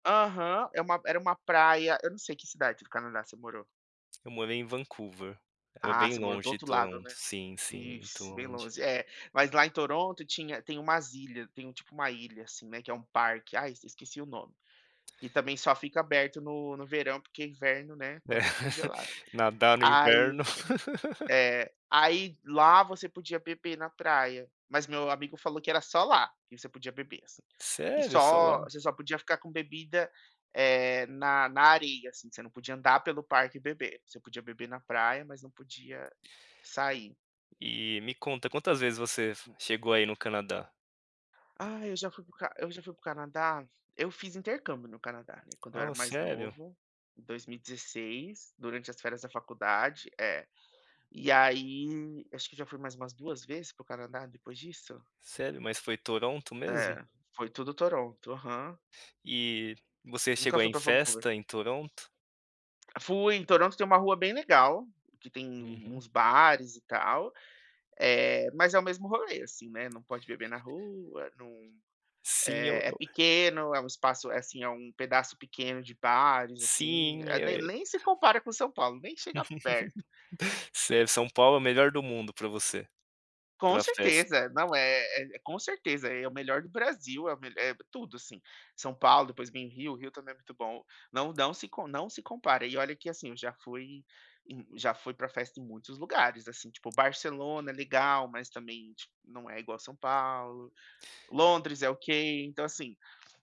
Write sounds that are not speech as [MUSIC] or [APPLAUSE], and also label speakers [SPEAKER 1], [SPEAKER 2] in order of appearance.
[SPEAKER 1] Aham, é uma era uma praia eu não sei que cidade do Canadá você morou.
[SPEAKER 2] Eu morei em Vancouver, era
[SPEAKER 1] Ah, você
[SPEAKER 2] bem
[SPEAKER 1] morou do
[SPEAKER 2] longe de
[SPEAKER 1] outro lado,
[SPEAKER 2] Toronto.
[SPEAKER 1] né?
[SPEAKER 2] Sim, sim muito
[SPEAKER 1] Isso, bem
[SPEAKER 2] longe.
[SPEAKER 1] longe. É, mas lá em Toronto tinha tem umas ilhas tem um, tipo, uma ilha, assim, né, que é um parque. Ai, esqueci o nome. E também só fica aberto no no verão, porque inverno, né,
[SPEAKER 2] É,
[SPEAKER 1] está tudo
[SPEAKER 2] [LAUGHS]
[SPEAKER 1] congelado.
[SPEAKER 2] nadar no
[SPEAKER 1] Aí
[SPEAKER 2] inverno. [LAUGHS]
[SPEAKER 1] é. Aí lá você podia beber na praia, mas meu amigo falou que era só lá que você podia beber, assim. E
[SPEAKER 2] Sério, só lá?
[SPEAKER 1] só você só podia ficar com a bebida, eh, na na areia, assim, você não podia andar pelo parque e beber. Você podia beber na praia, mas não podia sair.
[SPEAKER 2] E me conta, quantas vezes você chegou a ir no Canadá?
[SPEAKER 1] Ah, eu já fui para o ca eu já fui para o Canadá. Eu fiz intercâmbio no Canadá, né, quando eu era
[SPEAKER 2] Oh,
[SPEAKER 1] mais
[SPEAKER 2] sério?
[SPEAKER 1] novo, em 2016, durante as férias da faculdade é. E aí, acho que já fui mais umas 2 vezes para o Canadá depois disso?
[SPEAKER 2] Sério, mas foi Toronto mesmo?
[SPEAKER 1] É, foi tudo Toronto, aham.
[SPEAKER 2] E você
[SPEAKER 1] Nunca
[SPEAKER 2] chegou a
[SPEAKER 1] fui
[SPEAKER 2] ir em
[SPEAKER 1] para Vancouver.
[SPEAKER 2] festa em Toronto?
[SPEAKER 1] Fui, em Toronto tem uma rua bem legal que tem
[SPEAKER 2] Uhum.
[SPEAKER 1] uns bares e tal, eh, mas é o mesmo rolê, assim, né, não pode beber na rua, não
[SPEAKER 2] Sim, eu
[SPEAKER 1] eh, é
[SPEAKER 2] eu
[SPEAKER 1] pequeno, é um espaço assim, é um pedaço pequeno de bares, assim,
[SPEAKER 2] Sim,
[SPEAKER 1] a
[SPEAKER 2] eh
[SPEAKER 1] de
[SPEAKER 2] eh
[SPEAKER 1] nem se compara com São Paulo, nem chega perto.
[SPEAKER 2] [LAUGHS] Sério, São Paulo é o melhor do mundo para você
[SPEAKER 1] Com
[SPEAKER 2] para festa.
[SPEAKER 1] certeza. Não, eh eh, com certeza é o melhor do Brasil, é o me eh, tudo assim. São Paulo, depois vem Rio, Rio também é muito bom. Não não se não se compara, e olha que assim, eu já fui em já fui para festa em muitos lugares, assim, tipo, Barcelona é legal mas também, tipo, não é igual São Paulo. Londres é ok, então assim